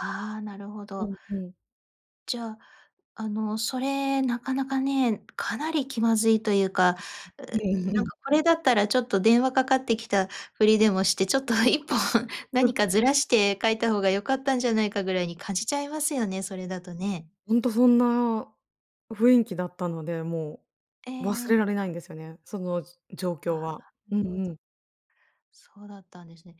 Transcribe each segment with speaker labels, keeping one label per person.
Speaker 1: ああ、なるほ
Speaker 2: う
Speaker 1: ど。
Speaker 2: んうん。
Speaker 1: じゃあ、あの、それ、中々ね、かなり気まずいと言うか、う
Speaker 2: うん
Speaker 1: ーん、何
Speaker 2: うん。
Speaker 1: か、これだったら、ちょっと電話掛かって来たふりでもして、ちょっと1本
Speaker 2: う
Speaker 1: 何
Speaker 2: ん。
Speaker 1: かずらして書いた方が良かったんじゃないか、ぐらいに感じちゃいますよね、それだとね。
Speaker 2: ほんと、そんな雰囲気だったので、も
Speaker 1: ええ
Speaker 2: う忘れ
Speaker 1: え
Speaker 2: ら
Speaker 1: え。
Speaker 2: れないんですよね。その状況
Speaker 1: あ
Speaker 2: は。
Speaker 1: あ、な
Speaker 2: う
Speaker 1: る
Speaker 2: ん
Speaker 1: ほ
Speaker 2: う
Speaker 1: ど。
Speaker 2: ん。
Speaker 1: そうだったんですね。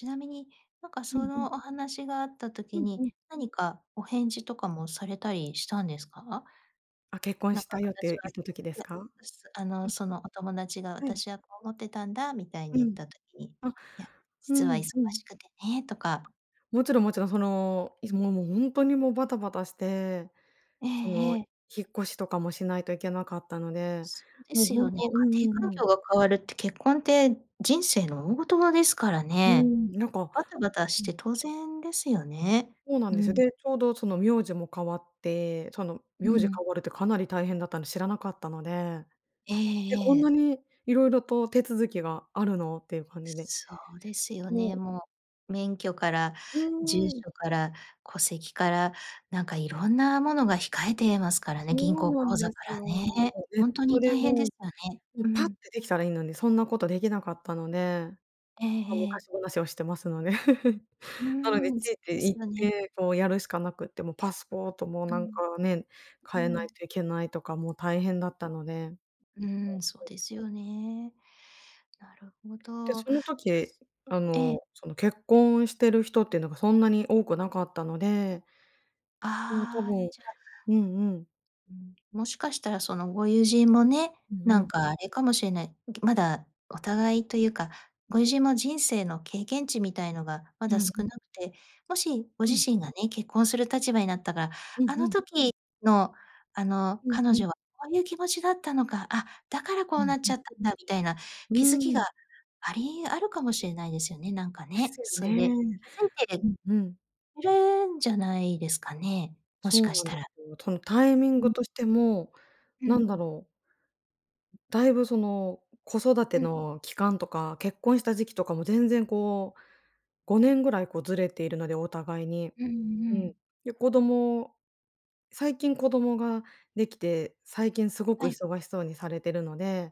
Speaker 1: 因みに、何か、
Speaker 2: う
Speaker 1: そ
Speaker 2: んうん。
Speaker 1: のお話があった
Speaker 2: う
Speaker 1: 時
Speaker 2: んう
Speaker 1: に、
Speaker 2: ん。
Speaker 1: 何か、お返事とかもされたりしたんですか？
Speaker 2: あ、「結婚
Speaker 1: 何
Speaker 2: し
Speaker 1: か
Speaker 2: たよ」っ
Speaker 1: 私
Speaker 2: て
Speaker 1: は、
Speaker 2: 言った時です か？
Speaker 1: あ
Speaker 2: う
Speaker 1: の、
Speaker 2: ん。
Speaker 1: そのお友達が
Speaker 2: はい。
Speaker 1: 「私はこう思ってたんだ」みたいに
Speaker 2: う
Speaker 1: 言っ
Speaker 2: ん。
Speaker 1: た時に、
Speaker 2: あ、
Speaker 1: 「いや、
Speaker 2: うー
Speaker 1: 実は忙
Speaker 2: ん、うん。
Speaker 1: しくてね」とか。
Speaker 2: 勿論勿論、その、ほんとに、も、バタバタして、
Speaker 1: え
Speaker 2: その
Speaker 1: えええ。
Speaker 2: 引っ越しとかもしないといけなかったので、
Speaker 1: そうで
Speaker 2: もう
Speaker 1: す
Speaker 2: ほ
Speaker 1: よ
Speaker 2: ん
Speaker 1: ね、
Speaker 2: とうん
Speaker 1: 家庭
Speaker 2: う
Speaker 1: 環
Speaker 2: んうん。
Speaker 1: 境が変わるって、結婚って人生の大事はですから
Speaker 2: うー
Speaker 1: ね。
Speaker 2: ん、なんか
Speaker 1: バタバタし
Speaker 2: うん。
Speaker 1: て当然ですよね。
Speaker 2: そうなん
Speaker 1: う
Speaker 2: ですよ。
Speaker 1: ん。
Speaker 2: で、ちょうど、その苗字も変わって、その
Speaker 1: う
Speaker 2: 苗字が
Speaker 1: ん。
Speaker 2: 変わるってかなり大変だったんで、知らなかったので、
Speaker 1: え
Speaker 2: え、こ
Speaker 1: ええ
Speaker 2: んな
Speaker 1: え。
Speaker 2: に色々と手続きがあるのって言う感じで。
Speaker 1: そうですよ
Speaker 2: も
Speaker 1: ね、
Speaker 2: う
Speaker 1: もう、免許から、
Speaker 2: う
Speaker 1: 住
Speaker 2: ーん。
Speaker 1: 所から、戸籍から、何か、色んな物が控えてますからね、銀
Speaker 2: そう
Speaker 1: 行
Speaker 2: な
Speaker 1: 口
Speaker 2: んで
Speaker 1: 座か
Speaker 2: すよ。
Speaker 1: らね。
Speaker 2: ネッ
Speaker 1: ほんとに
Speaker 2: トで
Speaker 1: 大変で
Speaker 2: も
Speaker 1: したね。
Speaker 2: う、
Speaker 1: う
Speaker 2: パッて
Speaker 1: ん。
Speaker 2: 出来たらいいのに、そんな事出来なかったので。
Speaker 1: ええ
Speaker 2: ま、
Speaker 1: ええ。
Speaker 2: 昔話をしてますので。
Speaker 1: うー
Speaker 2: なので、
Speaker 1: ん、
Speaker 2: つ
Speaker 1: そ
Speaker 2: い
Speaker 1: うで
Speaker 2: て
Speaker 1: す
Speaker 2: 行っ
Speaker 1: よね。
Speaker 2: て、こう、やるしかなくても、パスポートも、
Speaker 1: う
Speaker 2: なん
Speaker 1: ん。
Speaker 2: か、ね、
Speaker 1: う
Speaker 2: 変えない
Speaker 1: ん。
Speaker 2: といけないとか、もう大変だったので。
Speaker 1: うーん、そう ですよね。なるほ
Speaker 2: で、
Speaker 1: ど。
Speaker 2: その
Speaker 1: じゃ
Speaker 2: 時、
Speaker 1: す
Speaker 2: あ
Speaker 1: ええ。
Speaker 2: の、その結婚してる人っていうのが、そんなに多くなかったのでうん、多
Speaker 1: ああ、
Speaker 2: 分
Speaker 1: じゃあ。
Speaker 2: うんうん。
Speaker 1: うん。もしかしたら、その御友人もね、
Speaker 2: うんう
Speaker 1: 何
Speaker 2: ん。
Speaker 1: かあれかもしれない。まだお互いと言うか、御友人も人生の経験値みたいのが、ま
Speaker 2: う
Speaker 1: だ少
Speaker 2: ん。
Speaker 1: なくて、もし、ご
Speaker 2: う
Speaker 1: 自
Speaker 2: ん。
Speaker 1: 身がね、結婚する立場になったから、
Speaker 2: うん
Speaker 1: あ
Speaker 2: う
Speaker 1: の
Speaker 2: ん。
Speaker 1: 時の、あの
Speaker 2: うんう
Speaker 1: 彼
Speaker 2: ん。
Speaker 1: 女は、こう言う気持ちだったのか、あ、だから、こ
Speaker 2: う
Speaker 1: う
Speaker 2: ん
Speaker 1: なっ
Speaker 2: うん。
Speaker 1: ちゃったんだ、みたいな
Speaker 2: うー
Speaker 1: 気付きが
Speaker 2: ん。
Speaker 1: ありあるかもしれないですよね、何か
Speaker 2: で
Speaker 1: ね。
Speaker 2: すよ
Speaker 1: それ
Speaker 2: ね。
Speaker 1: で、気づいて
Speaker 2: う
Speaker 1: る
Speaker 2: んうん。
Speaker 1: いるんじゃないですかね。もし
Speaker 2: そ
Speaker 1: か
Speaker 2: う
Speaker 1: し
Speaker 2: なん
Speaker 1: た
Speaker 2: で
Speaker 1: ら。
Speaker 2: すよ。そのタイミン
Speaker 1: うん。
Speaker 2: グとしても、
Speaker 1: う
Speaker 2: 何
Speaker 1: ん。
Speaker 2: だろうだいぶ、その、子育て
Speaker 1: うん。
Speaker 2: の期間とか、結婚した時期とかも、全然、こう、5年ぐらい、こう、ずれているので、お互いに。
Speaker 1: うん
Speaker 2: う
Speaker 1: う
Speaker 2: ん。
Speaker 1: ん。
Speaker 2: で、子供最近子供が出来て、最近凄く
Speaker 1: はい。
Speaker 2: 忙しそうにされてるので。